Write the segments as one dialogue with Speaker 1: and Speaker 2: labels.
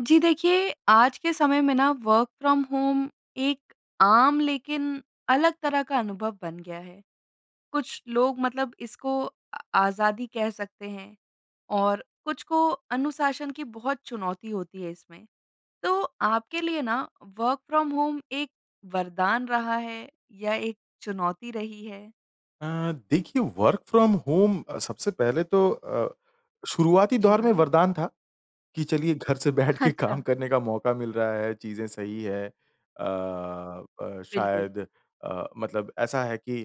Speaker 1: जी देखिए, आज के समय में ना वर्क फ्रॉम होम एक आम लेकिन अलग तरह का अनुभव बन गया है। कुछ लोग मतलब इसको अ, आज़ादी कह सकते हैं और कुछ को अनुशासन की बहुत चुनौती होती है इसमें। तो आपके लिए ना वर्क फ्रॉम होम एक वरदान रहा है या एक चुनौती रही है?
Speaker 2: अ, देखिए वर्क फ्रॉम होम अ, सबसे पहले तो अ, शुरुआती
Speaker 1: जी
Speaker 2: दौर में
Speaker 1: हाँ।
Speaker 2: वरदान था, कि चलिए घर से बैठ के काम
Speaker 1: अच्छा।
Speaker 2: करने का मौका मिल रहा है, चीज़ें सही हैं। अ अ,
Speaker 1: बिल्कुल।
Speaker 2: शायद अ, मतलब ऐसा है कि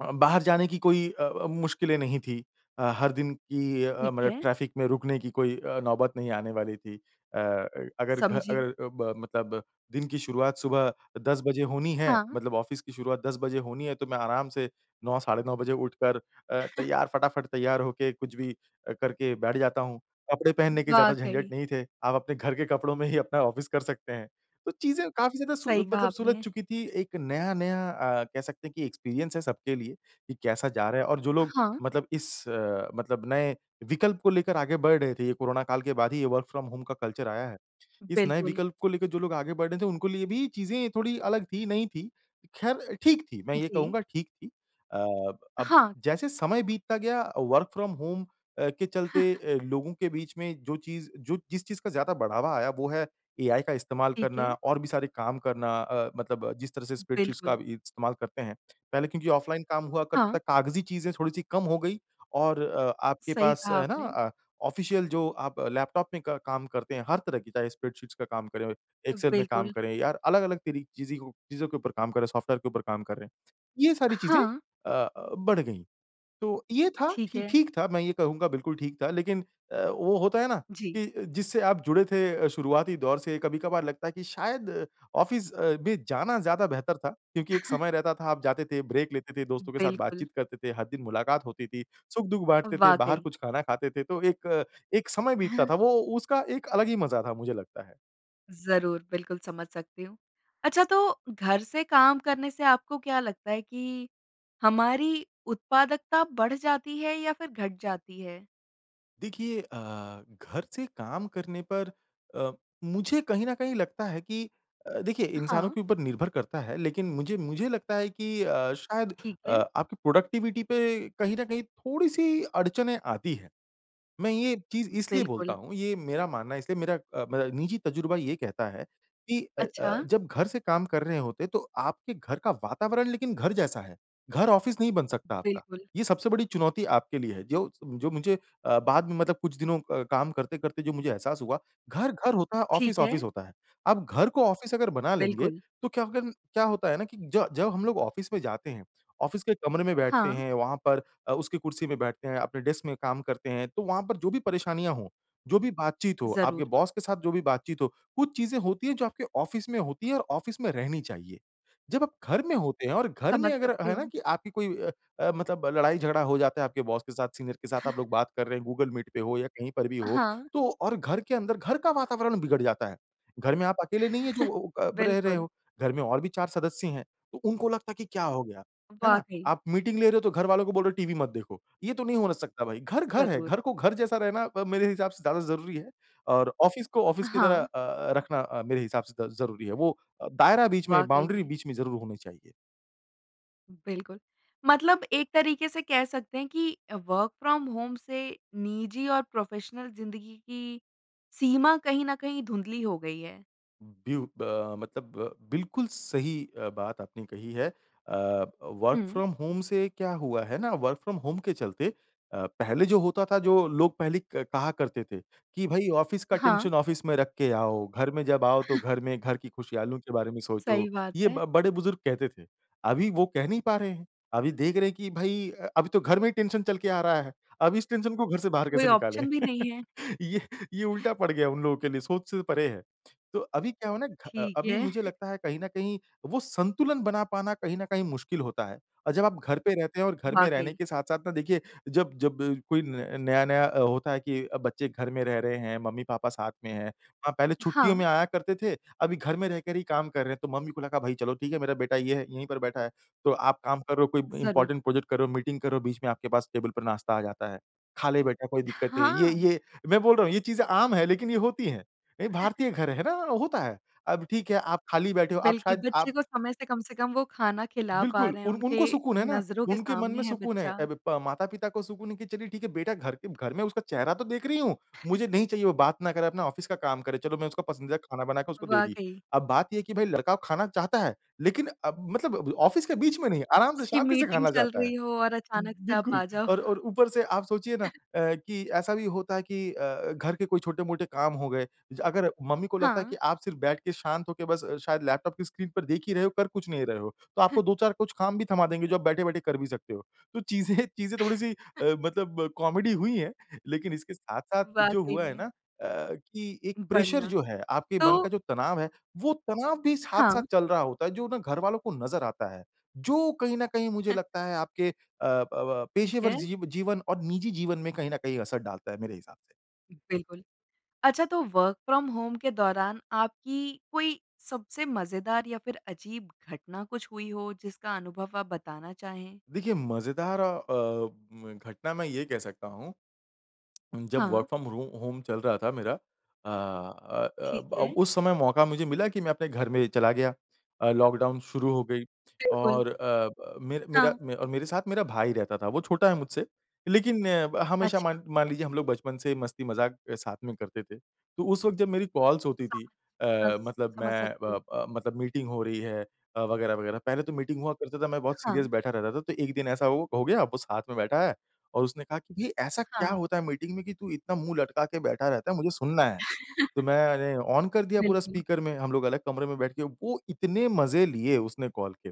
Speaker 2: अ, बाहर जाने की कोई अ अ, मुश्किलें नहीं थी। अ, हर दिन की अ,
Speaker 1: ठीक
Speaker 2: मतलब
Speaker 1: है।
Speaker 2: ट्रैफ़िक में रुकने की कोई अ, नौबत नहीं आने वाली थी। अ अ अगर घ अ,
Speaker 1: समझी।
Speaker 2: ब मतलब दिन की शुरुआत सुबह अ, 10 बजे होनी है
Speaker 1: हाँ।
Speaker 2: मतलब ऑफिस की शुरुआत 10 बजे होनी है तो मैं आराम से 9, साढ़े नौ बजे उठकर अ, तैयार, फटाफट तैयार होके कुछ भी अ, करके बैठ जाता हूँ। कपड़े पहनने के ज़्यादा झंझट
Speaker 1: वाक़ई।
Speaker 2: नहीं थे, आप अपने घर के कपड़ों में ही अपना ऑफिस कर सकते हैं, तो चीज़ें काफ़ी ज़्यादा सु
Speaker 1: सही कहा
Speaker 2: मतलब सुलझ
Speaker 1: आपने।
Speaker 2: चुकी थीं। एक नया-नया अ, कह सकते हैं कि एक्सपीरियंस है सबके लिए, कि कैसा जा रहा है और जो लोग
Speaker 1: हाँ।
Speaker 2: मतलब इस अ, मतलब नए विकल्प को लेकर आगे बढ़ रहे थे ये कोरोना काल के बाद ही ये वर्क फ्रॉम होम का कल्चर आया है। इस नए
Speaker 1: बिल्कुल।
Speaker 2: विकल्प को लेके जो लोग आगे बढ़ रहे थे उनको लिए भी चीज़ें थोड़ी अलग थी, नई थी। ख़ैर ठीक थी, मैं ये
Speaker 1: जी।
Speaker 2: कहूँगा ठीक थी। अ अब
Speaker 1: हाँ।
Speaker 2: जैसे समय बीतता गया वर्क फ्रॉम होम अ, के चलते अ, लोगों के बीच में जो चीज़ जो जिस चीज़ का ज़्यादा बढ़ावा आया वो है एआई का इस्तेमाल
Speaker 1: ठीक
Speaker 2: करना
Speaker 1: है।
Speaker 2: और भी सारे काम करना अ, मतलब जिस तरह से स्प्रेडशीट्स का
Speaker 1: बिल्कुल।
Speaker 2: अभी इस्तेमाल करते हैं। पहले क्योंकि ऑफ़लाइन काम हुआ करता था
Speaker 1: हाँ।
Speaker 2: कागज़ी चीज़ें थोड़ी-सी कम हो गई और अ, आपके
Speaker 1: सही
Speaker 2: पास
Speaker 1: कहा
Speaker 2: है ना
Speaker 1: आपने।
Speaker 2: अ, ऑफ़िशियल जो आप लैपटॉप में क काम करते हैं, हर तरह की चाहे स्प्रेडशीट्स का काम करें,
Speaker 1: अ,
Speaker 2: एक्सेल में काम
Speaker 1: बिल्कुल।
Speaker 2: करें यार अलग-अलग तरी चीज़ी हो चीज़ों के ऊपर काम करें, सॉफ़्टवेयर के ऊपर काम कर रहें। ये
Speaker 1: अ,
Speaker 2: सारी चीज़ें
Speaker 1: हाँ।
Speaker 2: अ अ, बढ़ गई। तो ये था
Speaker 1: ठीक
Speaker 2: ठी
Speaker 1: है।
Speaker 2: ठीक था, मैं ये कहूँगा बिल्कुल ठीक था लेकिन अ, वो होता है ना,
Speaker 1: जी।
Speaker 2: कि अ, जिससे आप जुड़े थे अ, शुरुआती दौर से कभी-कभार लगता है कि शायद ऑफ़िस अ, भी जाना ज़्यादा बेहतर था क्योंकि एक समय रहता था आप जाते थे, ब्रेक लेते थे, दोस्तों के साथ
Speaker 1: बिल्कुल।
Speaker 2: बातचीत करते थे, हर दिन मुलाकात होती थी, सुख-दुःख
Speaker 1: अ,
Speaker 2: बाँटते थे, बाहर
Speaker 1: वाक़ई।
Speaker 2: कुछ खाना खाते थे, तो एक, एक समय बीतता था वो उसका एक अलग ही मज़ा था। मुझे लगता है।
Speaker 1: ज़रूर, बिल्कुल समझ सकती हूँ। अच्छा तो घर से काम करने से आपको क्या लगता है कि, हमारी उत्पादकता बढ़ जाती है या फिर घट जाती है?
Speaker 2: देखिए अ, घर से काम करने पर अ, मुझे कहीं न कहीं लगता है कि अ, देखिए
Speaker 1: अ,
Speaker 2: इंसानों
Speaker 1: हाँ।
Speaker 2: के ऊपर निर्भर करता है लेकिन मुझे मुझे लगता है कि अ, शायद
Speaker 1: ठीक
Speaker 2: अ,
Speaker 1: है।
Speaker 2: आपकी प्रोडक्टिविटी पे कहीं न कहीं थोड़ी-सी अड़चनें आती हैं। मैं ये चीज़ इसलिए बोलता
Speaker 1: बिल्कुल।
Speaker 2: हूँ, ये मेरा मानना इसलिए मेरा अ, मेरा निजी तजुर्बा ये कहता है, कि अ अ,
Speaker 1: अच्छा।
Speaker 2: जब घर से काम कर रहे होते, तो आपके घर का वातावरण लेकिन घर जैसा है, घर ऑफ़िस नहीं बन सकता आपका।
Speaker 1: बिल्कुल।
Speaker 2: ये सबसे बड़ी चुनौती आपके लिए है। जो जो मुझे अ, बाद में मतलब कुछ दिनों क काम करते-करते जो मुझे एहसास हुआ घर, घर होता है, ऑफ़िस,
Speaker 1: ठीक है।
Speaker 2: ऑफ़िस होता है। आप घर को ऑफ़िस अगर बना लेंगे,
Speaker 1: बिल्कुल।
Speaker 2: तो क्या हो गया क्या होता है ना कि ज जब हम लोग ऑफ़िस में जाते हैं, ऑफ़िस के कमरे में बैठते
Speaker 1: हाँ।
Speaker 2: हैं, वहाँ पर अ, उसकी कुर्सी पे बैठते हैं, अपने डेस्क में काम करते हैं, तो वहाँ पर जो भी परेशानियाँ हों, जो भी बातचीत हो,
Speaker 1: ज़रूर।
Speaker 2: आपके बॉस के साथ जो भी बातचीत हो, कुछ चीज़ें होती हैं जो आपके ऑफ़िस में होती हैं और ऑफ़िस में रहनी चाहिए। जब आप घर में होते हैं और घर में
Speaker 1: समझ
Speaker 2: अगर
Speaker 1: सकती
Speaker 2: है ना
Speaker 1: हूँ।
Speaker 2: कि आपकी कोई अ अ, मतलब लड़ाई-झगड़ा हो जाता है आपके बॉस के साथ, सीनियर के साथ आप लोग बात कर रहे हैं, गूगल मीट पे हो या कहीं पर भी
Speaker 1: अ,
Speaker 2: हो,
Speaker 1: हाँ।
Speaker 2: तो और घर के अंदर घर का वातावरण बिगड़ जाता है। घर में आप अकेले नहीं है जो वो अ, ब रह रहे
Speaker 1: बिल्कुल।
Speaker 2: हो। घर में और भी चार सदस्य हैं। उ उनको लगता है कि क्या हो गया, है ना?
Speaker 1: वाक़ई।
Speaker 2: आप मीटिंग ले रहे हो तो घर वालों को बोल रहे हो टीवी मत देखो। ये तो नहीं हो सकता भाई घर, घर है।
Speaker 1: ज़रूर।
Speaker 2: घर को घर जैसा रहना अ, मेरे हिसाब से ज़्यादा ज़रूरी है और ऑफ़िस को
Speaker 1: अ,
Speaker 2: ऑफ़िस की तरह
Speaker 1: हाँ।
Speaker 2: अ अ, रखना अ, मेरे हिसाब से द ज़रूरी है। वो अ, दायरा बीच में
Speaker 1: वाक़ई
Speaker 2: बाउंड्री
Speaker 1: में।
Speaker 2: बीच में ज़रूर होनी चाहिए।
Speaker 1: बिल्कुल। मतलब एक तरीके से कह सकते हैं कि अ, वर्क फ्रॉम होम से निजी और प्रोफेशनल ज़िंदगी की, सीमा कहीं न कहीं धुंधली हो गई है।
Speaker 2: उ, बीयू ब मतलब बिल्कुल सही अ, बात आपने कही है। अ, वर्क
Speaker 1: हुँ।
Speaker 2: फ्रॉम होम से क्या हुआ है ना वर्क फ्रॉम होम के चलते अ, पहले जो होता था, जो लोग पहले क कहा करते थे कि, भई ऑफ़िस का
Speaker 1: हाँ।
Speaker 2: टेंशन ऑफ़िस में रख के आओ। घर में जाओ तो घर में घर की खुशियाँ, लोगों के बारे में सोचो,
Speaker 1: सही बात
Speaker 2: ये
Speaker 1: है।
Speaker 2: ब बड़े बुज़ुर्ग कहते थे। अभी वो कह नहीं पा रहे हैं। अभी देख रहे हैं कि भई अ अभी तो घर में ही टेंशन चल के आ रहा है। अभी इस टेंशन को घर से बाहर
Speaker 1: कोई
Speaker 2: कैसे निकालें?
Speaker 1: ऑप्शन भी नहीं है।
Speaker 2: ये ये उल्टा पड़ गया उन लोगों के लिए, सोच से परे है। तो अभी क्या हो ना घ
Speaker 1: ठीक
Speaker 2: अभी
Speaker 1: है।
Speaker 2: मुझे लगता है कहीं न कहीं, वो संतुलन बना पाना कहीं ना कहीं मुश्किल होता है। अ, जब आप घर पे रहते हैं और घर में रहने
Speaker 1: वाक़ई।
Speaker 2: के साथ-साथ ना, देखिए जब-जब कोई न नया-नया अ, होता है कि बच्चे घर में रह रहे हैं, मम्मी-पापा साथ में हैं। अ, हाँ, पहले छुट्टियों
Speaker 1: हाँ।
Speaker 2: में आया करते थे, अभी घर में रहकर ही काम कर रहे हैं, तो मम्मी-पापा का भई चलो ठीक है मेरा बेटा ये है, यहीं पर बैठा है। तो आप काम करो, कोई
Speaker 1: ज़रूर।
Speaker 2: इम्पोर्टेंट प्रोजेक्ट करो, मीटिंग करो, बीच में आपके पास टेबल पर नाश्ता आ जाता है। खा ले बेटा, कोई दिक्कत है। ये
Speaker 1: हाँ।
Speaker 2: ये मैं बोल रहा हूँ, ये चीज़ें आम हैं लेकिन ये होती हैं। ये भारतीय घर है ना, होता है। अब ठीक है आप खाली बैठे हो, आप
Speaker 1: बिल्कुल
Speaker 2: शायद
Speaker 1: बच्चे
Speaker 2: आप
Speaker 1: को समय से कम से कम वो खाना खिला पा
Speaker 2: बिल्कुल
Speaker 1: रहे हैं,
Speaker 2: उन उनको
Speaker 1: उनके
Speaker 2: सुकून है ना,
Speaker 1: नज़रों के
Speaker 2: उनके मन
Speaker 1: सामने
Speaker 2: में
Speaker 1: है
Speaker 2: सुकून है,
Speaker 1: बच्चा।
Speaker 2: अब ब माता-पिता को सुकून है कि चलिए ठीक है बेटा घर के घर में, उसका चेहरा तो देख रही हूँ। मुझे नहीं चाहिए, वो बात ना करे, अपना ऑफ़िस का काम करे, चलो मैं उसका पसंदीदा खाना बना के उसको दे दी
Speaker 1: वाक़ई।
Speaker 2: अब बात ये है कि भाई लड़का वो खाना चाहता है, लेकिन अब मतलब ऑफ़िस के बीच में नहीं, आराम से
Speaker 1: उसकी
Speaker 2: शांति से
Speaker 1: मीटिंग
Speaker 2: खाना
Speaker 1: चल
Speaker 2: चाहता है। ब
Speaker 1: रही हो और अचानक से आप
Speaker 2: बिल्कुल
Speaker 1: आ जाओ।
Speaker 2: और और ऊपर से आप सोचिए ना अ, कि ऐसा भी होता है कि अ, घर के कोई छोटे-मोटे काम हो गए, ज अगर मम्मी को लगता है
Speaker 1: हाँ।
Speaker 2: कि आप सिर्फ़ बैठ के शांत होके बस शायद लैपटॉप की स्क्रीन पर देख ही रहे हो, कर कुछ नहीं रहे हो तो आपको 2-4 कुछ काम भी थमा देंगी जो आप
Speaker 1: ज़रूर।
Speaker 2: बैठे-बैठे कर भी सकते हो। तो चीज़ें चीज़ें थोड़ी-सी अ, मतलब कॉमेडी हुई हैं लेकिन इसके साथ-साथ जो
Speaker 1: वाक़ई
Speaker 2: हुआ है
Speaker 1: में।
Speaker 2: ना, अ, कि एक प्रेशर
Speaker 1: बढ़िया।
Speaker 2: जो है आपके
Speaker 1: तो
Speaker 2: मन का जो तनाव है, वो तनाव भी साथ-साथ
Speaker 1: हाँ।
Speaker 2: चल रहा होता है, जो ना घरवालों को नज़र आता है। जो कहीं ना कहीं मुझे लगता है आपके अ, ब अ,
Speaker 1: ठीक
Speaker 2: पेशेवर
Speaker 1: है।
Speaker 2: जी जीवन और निजी जीवन में कहीं न कहीं असर डालता है मेरे हिसाब से।
Speaker 1: बिल्कुल। अच्छा तो वर्क फ्रॉम होम के दौरान आपकी कोई सबसे मज़ेदार या फिर अजीब घटना कुछ हुई हो जिसका अनुभव आप बताना चाहें?
Speaker 2: देखिए मज़ेदार अ, उम, घटना मैं ये कह सकता हूँ। उम, जब वर्क
Speaker 1: हाँ।
Speaker 2: फ्रॉम रो होम होम चल रहा था मेरा। अ अ अ,
Speaker 1: ठीक
Speaker 2: ब
Speaker 1: है।
Speaker 2: उस समय मौका मुझे मिला कि मैं अपने घर में चला गया। अ, लॉकडाउन शुरू हो गई
Speaker 1: बिल्कुल।
Speaker 2: और अ, ब मेर मेरा
Speaker 1: हाँ।
Speaker 2: मैं और मेरे साथ मेरा भाई रहता था, वो छोटा है मुझसे। लेकिन ब हमेशा
Speaker 1: अच्छा।
Speaker 2: मान मान लीजिए हम लोग बचपन से मस्ती-मज़ाक अ, साथ में करते थे। तो उस वक़्त जब मेरी कॉल्स होती थी अ,
Speaker 1: समझ, स
Speaker 2: मतलब
Speaker 1: समझ
Speaker 2: मैं
Speaker 1: सकती
Speaker 2: व
Speaker 1: हूँ।
Speaker 2: अ, मतलब मीटिंग हो रही है अ, वग़ैरह-वग़ैरह। पहले तो मीटिंग हुआ करते था, मैं बहुत सीरियस
Speaker 1: हाँ।
Speaker 2: बैठा रहता था, तो एक दिन ऐसा वो हो गया अब वो साथ में बैठा है और उसने कहा कि, "ये ऐसा क्या
Speaker 1: हाँ।
Speaker 2: होता है मीटिंग में कि तू इतना मुँह लटका के बैठा रहता है, मुझे सुनना है।" तो मैंने ऑन कर दिया पूरा
Speaker 1: बिल्कुल।
Speaker 2: स्पीकर में, हम लोग अलग कमरे में बैठे के वो इतने मज़े लिए उसने कॉल के।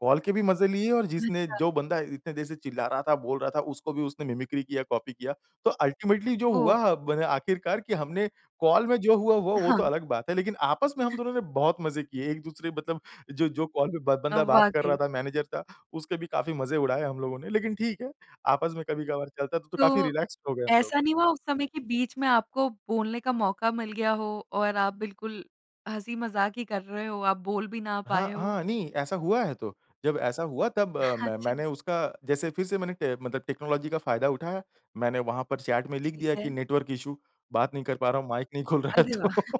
Speaker 2: कॉल के भी मज़े लिए और जिसने
Speaker 1: अच्छा।
Speaker 2: जो बंदा इतने देर से चिल्ला रहा था, बोल रहा था उसको भी उसने मिमिक्री किया कॉपी किया। तो अल्टीमेटली जो
Speaker 1: ओह!
Speaker 2: हुआ बने आखिरकार कि हमने, कॉल में जो हुआ वो,
Speaker 1: अ,
Speaker 2: वो तो
Speaker 1: हाँ।
Speaker 2: अलग बात है लेकिन आपस में हम दोनों ने बहुत मज़े किए, एक-दूसरे मतलब जो जो कॉल में ब
Speaker 1: अ,
Speaker 2: बंदा बात कर रहा
Speaker 1: वाक़ई।
Speaker 2: था मैनेजर था, उसके भी काफ़ी मज़े उड़ाए हम लोगों ने। लेकिन ठीक है, आपस में कभी-कभार चलता है तो तो काफ़ी
Speaker 1: तो,
Speaker 2: रिलैक्स हो गए हम लोग।
Speaker 1: ऐसा नहीं हुआ उस समय के बीच में आपको बोलने का मौका मिल गया हो और आप बिल्कुल हँसी-मज़ाक़ ही कर रहे हो, आप बोल भी ना पाए
Speaker 2: हाँ,
Speaker 1: हो?
Speaker 2: हाँ नहीं ऐसा हुआ है तो। जब ऐसा हुआ तब मैं
Speaker 1: अच्छा।
Speaker 2: मैंने उसका जैसे फिर से मैंने टे मतलब टेक्नोलॉजी का फ़ायदा उठाया। मैंने वहाँ पर चैट में लिख
Speaker 1: ठीक
Speaker 2: दिया कि
Speaker 1: है।
Speaker 2: नेटवर्क इश्यू, बात नहीं कर पा रहा हूँ, माइक नहीं खुल रहा है
Speaker 1: अरे वाह।
Speaker 2: तो।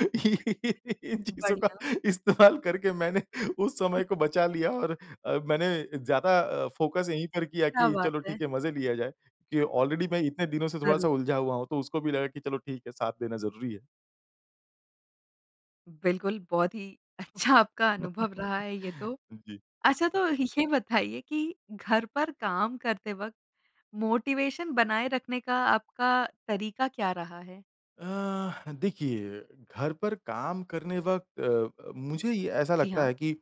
Speaker 2: इन चीज़ों का
Speaker 1: बढ़िया।
Speaker 2: इस्तेमाल करके मैंने उस समय को बचा लिया और अ, मैंने ज़्यादा अ, फ़ोकस इन्हीं पर किया
Speaker 1: क्या
Speaker 2: कि
Speaker 1: बात
Speaker 2: चलो
Speaker 1: है!
Speaker 2: ठीक है, मज़े लिया जाएँ कि ऑलरेडी मैं इतने दिनों से थोड़ा-सा
Speaker 1: ज़रूर।
Speaker 2: उलझा हुआ हूँ, तो उसको भी लगा कि चलो ठीक है, साथ देना ज़रूरी है।
Speaker 1: बिल्कुल, बहुत ही अच्छा आपका अनुभव रहा है ये तो।
Speaker 2: हुँ, जी।
Speaker 1: अच्छा तो ये बताइए कि घर पर काम करते वक़्त मोटिवेशन बनाए रखने का आपका तरीका क्या रहा है?
Speaker 2: अ, देखिए, घर पर काम करने वक़्त अ अ, मुझे ये ऐसा
Speaker 1: जी,
Speaker 2: लगता
Speaker 1: हाँ।
Speaker 2: है कि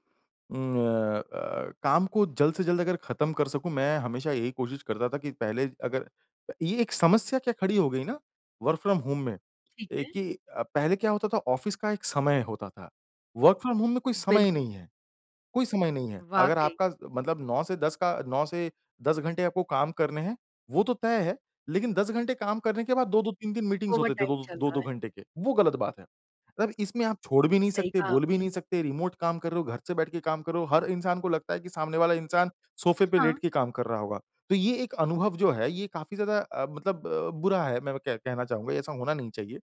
Speaker 2: उम, अ अ, काम को जल्द से जल्द अगर ख़त्म कर सकूँ, मैं हमेशा यही कोशिश करता था कि पहले अगर अ, ये एक समस्या क्या खड़ी हो गई ना वर्क फ्रॉम होम में
Speaker 1: ठीक
Speaker 2: एक
Speaker 1: है।
Speaker 2: ही अ, पहले क्या होता था ऑफ़िस का एक समय होता था। वर्क फ्रॉम होम में कोई समय ही
Speaker 1: बिल्कुल।
Speaker 2: नहीं है कोई समय नहीं है। अगर
Speaker 1: वाक़ई।
Speaker 2: आपका मतलब 9 से 10 का 9 से 10 घंटे आपको काम करने हैं वो तो तय है। लेकिन 10 घंटे काम करने के बाद 2-2 3-3 मीटिंग्स होते थे
Speaker 1: ओवरटाइम
Speaker 2: वो
Speaker 1: चल
Speaker 2: दो
Speaker 1: रहा
Speaker 2: दो
Speaker 1: है।
Speaker 2: घंटे के, वो गलत बात है। मगर इसमें आप छोड़ भी नहीं
Speaker 1: सही
Speaker 2: सकते,
Speaker 1: कहा
Speaker 2: बोल भी
Speaker 1: आपने।
Speaker 2: नहीं सकते, रिमोट काम कर रहे हो, घर से बैठ के काम कर रहे हो, हर इंसान को लगता है कि सामने वाला इंसान सोफे पे
Speaker 1: हाँ।
Speaker 2: लेट के काम कर रहा होगा। तो ये एक अनुभव जो है, ये काफ़ी ज़्यादा अ, मतलब अ, बुरा है, मैं वो कह कहना चाहूँगा, ऐसा होना नहीं चाहिए।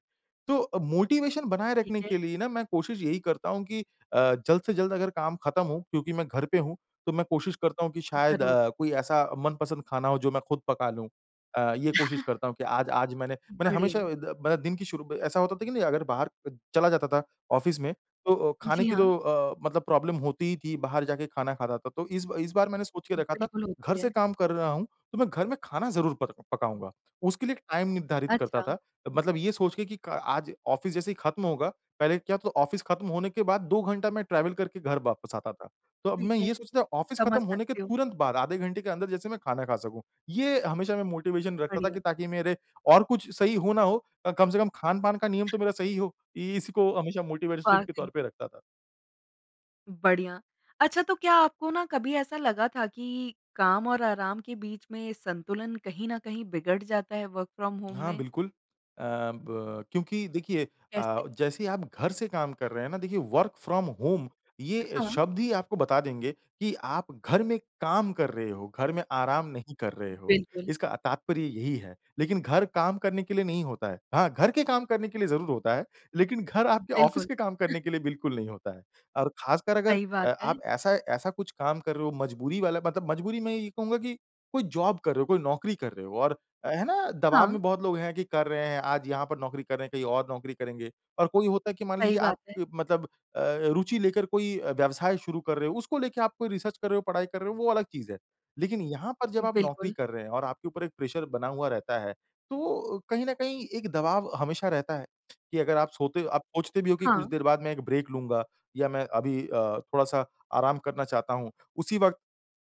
Speaker 2: तो अ, मोटिवेशन बनाए
Speaker 1: ठीक
Speaker 2: रखने
Speaker 1: है।
Speaker 2: के लिए ना मैं कोशिश यही करता हूँ कि अ, जल्द से जल्द अगर काम ख़त्म हो क्योंकि मैं घर पे हूँ तो मैं कोशिश करता हूँ कि शायद
Speaker 1: ज़रूर।
Speaker 2: अ, कोई ऐसा मनपसंद खाना हो जो मैं खुद पका लूँ। अ, ये कोशिश करता हूँ कि आज आज मैंने मैंने हमेशा
Speaker 1: बढ़िया।
Speaker 2: अ, द मतलब दिन की शुरू ऐसा होता था कि नहीं अगर बाहर च चला जाता था ऑफ़िस में तो अ, खाने
Speaker 1: जी,
Speaker 2: की
Speaker 1: हाँ।
Speaker 2: तो अ, मतलब प्रॉब्लम होती ही थी बाहर जाके खाना खाता था, तो इस ब इस बार मैंने सोच के रखा था
Speaker 1: बिल्कुल होती
Speaker 2: घर
Speaker 1: है।
Speaker 2: से काम कर रहा हूँ तो मैं घर में खाना ज़रूर पर पकाऊँगा। उसके लिए एक टाइम निर्धारित करता
Speaker 1: अच्छा।
Speaker 2: था। मतलब ये सोच के कि क आज ऑफ़िस जैसे ही ख़त्म होगा पहले क्या तो ऑफ़िस ख़त्म होने के बाद 2 घंटा मैं ट्रैवल करके घर वापस आता था। तो अब
Speaker 1: ठीक
Speaker 2: मैं
Speaker 1: है।
Speaker 2: ये सोचता हूँ ऑफ़िस
Speaker 1: समझ
Speaker 2: ख़त्म होने के
Speaker 1: सकती हूँ।
Speaker 2: तुरंत बाद आधे घंटे के अंदर जैसे मैं खाना खा सकूँ। ये हमेशा मैं मोटिवेशन रखता था
Speaker 1: बढ़िया।
Speaker 2: कि ताकि मेरे और कुछ सही हो ना हो अ, कम से कम खान-पान का नियम तो मेरा सही हो। इ इसी को हमेशा मोटिवेशन के
Speaker 1: वाक़ई।
Speaker 2: तौर पे रखता था।
Speaker 1: बढ़िया। अच्छा तो क्या आपको ना कभी ऐसा लगा था कि काम और आराम के बीच में संतुलन कहीं न कहीं बिगड़ जाता है वर्क फ्रॉम होम
Speaker 2: हाँ
Speaker 1: में?
Speaker 2: बिल्कुल। अ, ब क्योंकि देखिए अ,
Speaker 1: कैसे?
Speaker 2: जैसे ही आप घर से काम कर रहे हैं ना, देखिए वर्क फ्रॉम होम
Speaker 1: अ,
Speaker 2: ये
Speaker 1: हाँ।
Speaker 2: शब्द ही आपको बता देंगे कि आप घर में काम कर रहे हो, घर में आराम नहीं कर रहे हो।
Speaker 1: बिल्कुल।
Speaker 2: इसका तात्पर्य यही है। लेकिन घर काम करने के लिए नहीं होता है। हाँ, घर के काम करने के लिए ज़रूर होता है, लेकिन घर आपके ऑफ़िस
Speaker 1: बिल्कुल।
Speaker 2: के काम करने के लिए बिल्कुल नहीं होता है। और ख़ासकर अगर
Speaker 1: सही
Speaker 2: अ,
Speaker 1: बात है।
Speaker 2: आप ऐसा ऐसा कुछ काम कर रहे हो मजबूरी वाला, मतलब मजबूरी में ये कहूँगा कि। कोई जॉब कर रहे हो, कोई नौकरी कर रहे हो और अ, है ना? दबाव
Speaker 1: हाँ।
Speaker 2: में बहुत लोग हैं कि कर रहे हैं, आज यहाँ पर नौकरी कर रहे हैं, कहीं और नौकरी करेंगे। और कोई होता है कि मान
Speaker 1: सही
Speaker 2: लीजिए आप
Speaker 1: बात है।
Speaker 2: मतलब अ, रुचि लेकर कोई व्यवसाय शुरू कर रहे हो, उसको लेके आप कोई रिसर्च कर रहे हो, पढ़ाई कर रहे हो, वो अलग चीज़ है। लेकिन यहाँ पर जब आप नौकरी
Speaker 1: बिल्कुल।
Speaker 2: कर रहे हैं और आपके ऊपर एक प्रेशर बना हुआ रहता है, तो कहीं न कहीं एक दबाव हमेशा रहता है कि अगर आप सोते आप सोचते भी हो कि कुछ
Speaker 1: हाँ।
Speaker 2: देर बाद मैं एक ब्रेक लूँगा या मैं अभी अ, थोड़ा-सा आराम करना चाहता हूँ, उसी वक़्त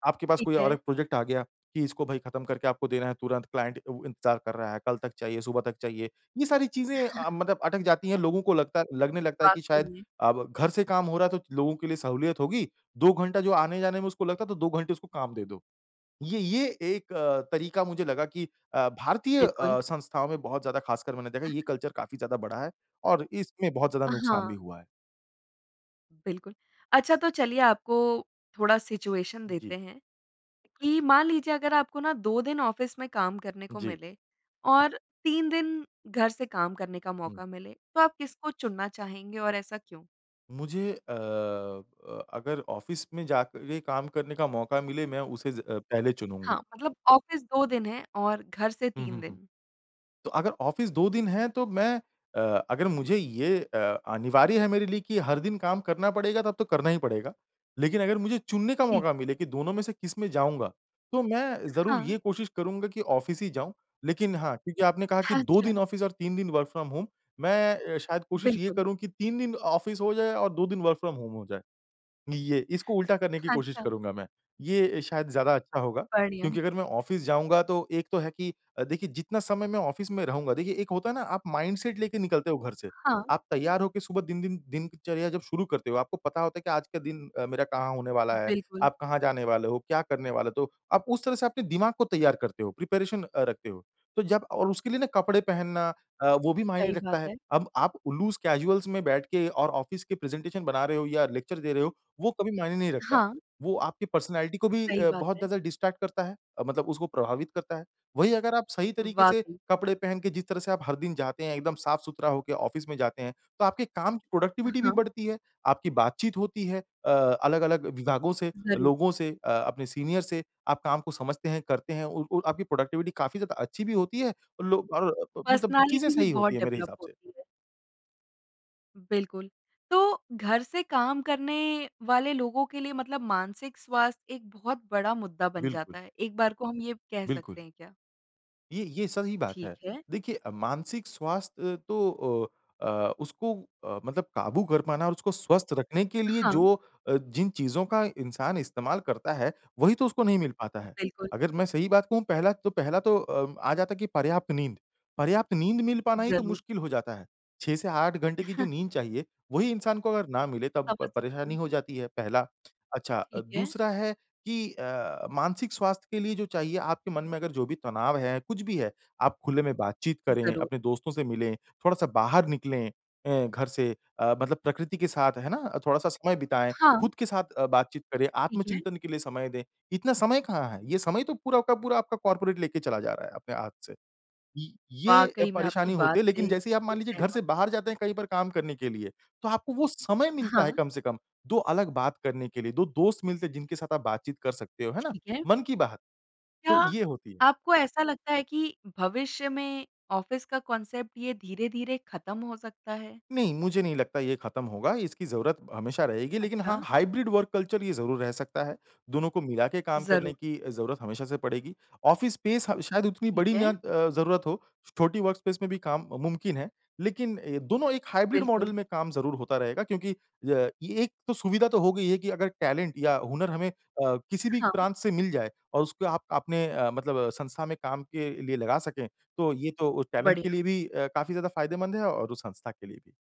Speaker 2: आपके पास
Speaker 1: ठीक
Speaker 2: कोई और
Speaker 1: है।
Speaker 2: 1 प्रोजेक्ट आ गया कि इसको भाई खत्म करके आपको देना है तुरंत, क्लाइंट अ, इंतज़ार कर रहा है, कल तक चाहिए, सुबह तक चाहिए। ये सारी चीज़ें अ, मतलब अटक जाती हैं, लोगों को लगता लगने लगता है कि
Speaker 1: वाक़ई
Speaker 2: शायद
Speaker 1: में।
Speaker 2: अ, घर से काम हो रहा है तो लोगों के लिए सहूलियत होगी। 2 घंटा जो आने-जाने में उसको लगता है तो 2 घंटे उसको काम दे दो। ये ये एक अ, तरीका मुझे लगा कि अ, भारतीय
Speaker 1: बिल्कुल।
Speaker 2: अ, संस्थाओं में बहुत ज़्यादा, ख़ासकर मैंने देखा ये कल्चर काफ़ी ज़्यादा बढ़ा है और इसमें बहुत ज़्यादा
Speaker 1: अ,
Speaker 2: नुकसान भी
Speaker 1: हाँ।
Speaker 2: हुआ है।
Speaker 1: बिल्कुल। अच्छा तो चलिए आपको थोड़ा सिचुएशन देते
Speaker 2: जी।
Speaker 1: हैं। कि मान लीजिए अगर आपको ना 2 दिन ऑफिस में काम करने को
Speaker 2: जी।
Speaker 1: मिले और 3 दिन घर से काम करने का
Speaker 2: हुँ।
Speaker 1: मौका मिले, तो आप किसको चुनना चाहेंगे और ऐसा क्यों?
Speaker 2: मुझे अ अ अगर ऑफिस में जाके काम करने का मौका मिले मैं उसे ज अ, पहले चुनूँगा।
Speaker 1: हाँ, मतलब ऑफिस 2 दिन है और घर से
Speaker 2: हुँ,
Speaker 1: 3
Speaker 2: हुँ, हुँ।
Speaker 1: दिन।
Speaker 2: तो अगर ऑफिस 2 दिन है तो मैं अ अगर मुझे ये अ अनिवार्य है मेरे लिए कि हर दिन काम करना पड़ेगा तब तो करना ही पड़ेगा। लेकिन अगर मुझे चुनने का
Speaker 1: ठी।।
Speaker 2: मौका मिले कि दोनों में से किसमें जाऊँगा, तो मैं ज़रूर
Speaker 1: हाँ।
Speaker 2: ये कोशिश करूँगा कि ऑफिस ही जाऊँ। लेकिन हाँ, क्योंकि आपने कहा कि 2 दिन
Speaker 1: अच्छा।
Speaker 2: ऑफिस और 3 दिन वर्क फ्रॉम होम मैं अ, शायद कोशिश ये
Speaker 1: बिल्कुल।
Speaker 2: करूँ कि 3 दिन ऑफिस हो जाए और 2 दिन वर्क फ्रॉम होम हो जाए। हुँ, ये इसको उल्टा करने की कोशिश
Speaker 1: अच्छा।
Speaker 2: करूँगा मैं। ये शायद ज़्यादा अच्छा होगा,
Speaker 1: बढ़िया।
Speaker 2: क्योंकि अगर मैं ऑफिस जाऊँगा तो एक तो है कि अ, देखिए जितना समय मैं ऑफिस में रहूँगा देखिए एक होता है ना आप माइंडसेट लेके निकलते हो घर से।
Speaker 1: हाँ।
Speaker 2: आप तैयार हो के सुबह दिन दिन दिनचर्या जब शुरू करते हो, आपको पता होता है कि आज के दिन अ, मेरा कहाँ होने वाला है,
Speaker 1: बिल्कुल।
Speaker 2: आप कहाँ जाने वाले हो, क्या करने वाले तो, आप उस तरह से आपके दिमाग को तैयार करते हो, प्रिपरेशन अ, रखते हो। तो जब और उसके लिए ना कपड़े पहनना अ, वो भी मायने
Speaker 1: सही
Speaker 2: रखता
Speaker 1: बात
Speaker 2: है।
Speaker 1: है।
Speaker 2: अब आप उ लूज़ कैज़ुअल्स में बैठ के और ऑफिस के प्रेजेंटेशन बना रहे हो या लेक्चर दे रहे हो वो कभी मायने नहीं रखता।
Speaker 1: हाँ।
Speaker 2: वो आपकी पर्सनैलिटी को भी
Speaker 1: सही
Speaker 2: अ,
Speaker 1: बात
Speaker 2: बहुत
Speaker 1: है।
Speaker 2: ज़्यादा डिस्ट्रैक्ट करता है, अ, मतलब उसको प्रभावित करता है। वही अगर आप सही
Speaker 1: अ,
Speaker 2: तरीके से
Speaker 1: वाक़ई।
Speaker 2: कपड़े पहन के जिस तरह से आप हर दिन जाते हैं, एकदम साफ-सुथरा होके ऑफ़िस में जाते हैं, तो आपके काम की
Speaker 1: अ,
Speaker 2: प्रोडक्टिविटी भी
Speaker 1: हाँ।
Speaker 2: बढ़ती है। आपकी बातचीत होती है अ, अलग-अलग विभागों से,
Speaker 1: ज़रूर।
Speaker 2: लोगों से अ अपने सीनियर से, आप काम को समझते हैं, करते हैं और और आपकी प्रोडक्टिविटी काफ़ी ज़्यादा अच्छी भी होती है। लो और अ, ब मतलब चीज़ें
Speaker 1: पर्सनैलिटी भी
Speaker 2: सही होती
Speaker 1: बहुत
Speaker 2: हैं मेरे
Speaker 1: डेवलप
Speaker 2: हिसाब से।
Speaker 1: होती है। बिल्कुल। तो घर से काम करने वाले लोगों के लिए मतलब मानसिक स्वास्थ्य एक बहुत बड़ा मुद्दा बन
Speaker 2: बिल्कुल।
Speaker 1: जाता है। एक बार को हम ये कह
Speaker 2: बिल्कुल।
Speaker 1: सकते हैं क्या?
Speaker 2: ये ये सही बात
Speaker 1: ठीक
Speaker 2: है।
Speaker 1: है।
Speaker 2: देखिए अ, मानसिक स्वास्थ्य तो अ अ, उसको अ, मतलब काबू कर पाना और उसको स्वस्थ रखने के लिए
Speaker 1: हाँ।
Speaker 2: जो अ, जिन चीज़ों का इंसान इस्तेमाल करता है, वही तो उसको नहीं मिल पाता है।
Speaker 1: बिल्कुल।
Speaker 2: अगर मैं सही बात कहूँ पहला तो पहला तो अ, आ जाता है कि पर्याप्त नींद। पर ये आपकी नींद मिल पाना ही तो
Speaker 1: ज़रूर।
Speaker 2: मुश्किल हो जाता है। 6 से 8 घंटे की जो नींद चाहिए वही इंसान को अगर ना मिले तब प
Speaker 1: समझ,
Speaker 2: परेशानी
Speaker 1: गई।
Speaker 2: हो जाती है, पहला, अच्छा
Speaker 1: ठीक है।
Speaker 2: दूसरा है कि अ, मानसिक स्वास्थ्य के लिए जो चाहिए, आपके मन में अगर जो भी तनाव है, कुछ भी है, आप खुले में बातचीत करें,
Speaker 1: ज़रूर।
Speaker 2: अपने दोस्तों से मिलें, थोड़ा-सा बाहर निकलें अ, घर से अ, मतलब प्रकृति के साथ है ना? थोड़ा-सा समय बिताएँ,
Speaker 1: हाँ।
Speaker 2: खुद के साथ अ, बातचीत करें,
Speaker 1: ठीक है।
Speaker 2: आत्मचिंतन के लिए समय दें, इतना समय कहाँ है? ये समय तो पूरा वक़्त पूरा आपका कॉर्पोरेट लेके चला जा रहा है, अपने हाँथ से। ये ये, अ,
Speaker 1: वाक़ई मैं आपकी
Speaker 2: परेशानी
Speaker 1: बात
Speaker 2: होती है, लेकिन
Speaker 1: से
Speaker 2: जैसे आप
Speaker 1: बिल्कुल
Speaker 2: मान लीजिए घर
Speaker 1: सहमत
Speaker 2: से बाहर जाते हैं कहीं पर काम करने के लिए, तो आपको वो समय मिलता है
Speaker 1: हाँ।
Speaker 2: कम से कम 2 अलग बात करने के लिए 2 दोस्त मिलते हैं, जिनके साथ आप बातचीत कर सकते हो, है ना?
Speaker 1: ठीक है।
Speaker 2: मन की बात।
Speaker 1: क्या
Speaker 2: तो ये होती है।
Speaker 1: आपको ऐसा लगता है कि भविष्य में ऑफिस का कॉन्सेप्ट ये धीरे-धीरे खत्म हो सकता है?
Speaker 2: नहीं, मुझे नहीं लगता ये खत्म होगा, इसकी ज़रूरत हमेशा रहेगी लेकिन हाँ,
Speaker 1: अच्छा।
Speaker 2: हाइब्रिड वर्क कल्चर ये ज़रूर रह सकता है। दोनों को मिला के काम करने
Speaker 1: ज़रूर।
Speaker 2: की ज़रूरत हमेशा से पड़ेगी। ऑफ़िस स्पेस ह शायद उतनी
Speaker 1: ठीक
Speaker 2: बड़ी ना
Speaker 1: है।
Speaker 2: अ, ज़रूरत हो, छोटी वर्कस्पेस में भी काम मुमकिन है। लेकिन दोनों एक हाइब्रिड मॉडल
Speaker 1: बिल्कुल।
Speaker 2: में काम ज़रूर होता रहेगा, क्योंकि अ, ये एक तो सुविधा तो हो गई है कि अगर टैलेंट या हुनर हमें अ, किसी भी
Speaker 1: हाँ।
Speaker 2: प्रांत से मिल जाए और उसको आप आपने अ, मतलब संस्था में काम के लिए लगा सकें तो ये तो टैलेंट के
Speaker 1: बढ़िया।
Speaker 2: लिए भी अ, काफ़ी ज़्यादा फ़ायदेमंद है और उस संस्था के लिए भी।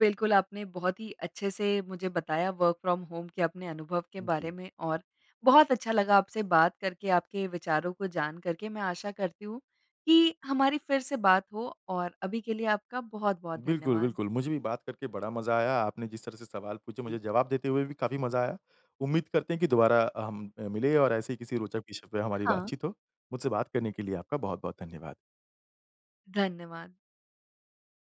Speaker 1: बिल्कुल आपने बहुत ही अच्छे से मुझे बताया वर्क फ्रॉम होम के अपने अनुभव के
Speaker 2: उ,
Speaker 1: बारे
Speaker 2: जी।
Speaker 1: में और बहुत अच्छा लगा आपसे बात करके, आपके विचारों को जान करके मैं आशा करती हूँ कि हमारी फिर से बात हो और अभी के लिए आपका बहुत-बहुत
Speaker 2: बिल्कुल,
Speaker 1: धन्यवाद।
Speaker 2: बिल्कुल। मुझे भी बात करके बड़ा मज़ा आया। आपने जिस तरह से सवाल पूछे
Speaker 1: जी।
Speaker 2: मुझे जवाब देते हुए भी काफ़ी मज़ा आया। उम्मीद करते हैं कि दोबारा अ, हम मिलें और ऐसे ही किसी रोचक क्षेत्र पे हमारी
Speaker 1: हाँ।
Speaker 2: बातचीत हो। मुझसे बात करने के लिए आपका बहुत-बहुत धन्यवाद।
Speaker 1: धन्यवाद।